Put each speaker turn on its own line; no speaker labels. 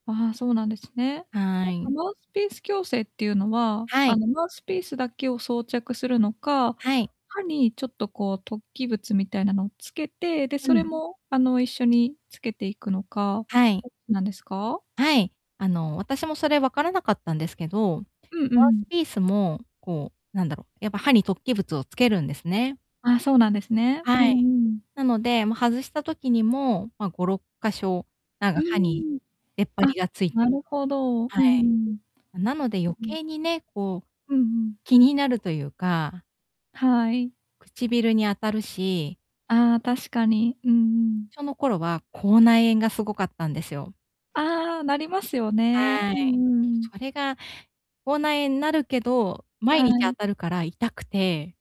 ああ、そうなんですね。
は
なんか
い。
マウスピース矯正ってゆうのは、
は
あ
い。
の、マウスピースだけを装着するのか、
はい。
歯にちょっとこう突起物みたいなのをつけて、で、
う
それ
ん。
も、あの、一緒につけていくのか、
はい。
ど、なんですか？
はい、あの、私もそれ分からなかったんですけど、
うんう
マウス
ん。
ピースも、こう、なんだろう、やっぱ歯に突起物をつけるんですね。
あ、そうなんですね。う
は
ん
い。
うん。
なので、ま、外した時にも、ま、5、6箇所、なん
う
か、
ー
歯に
ん。
出っ張
あ、
りがついて
な
る。
るほど。うん
はい。
うん。
なので余
うん。
計にね、こう、
うんうん。
気になるとゆうか
はい。
唇に当たるし
ああ、確かに、うんうん。
その頃は、口内炎がすごかったんですよ。
ああ、なりますよね、
はい。
うんうん。
それが、口内炎なるけど、毎
は
日当
い。
たるから痛くて。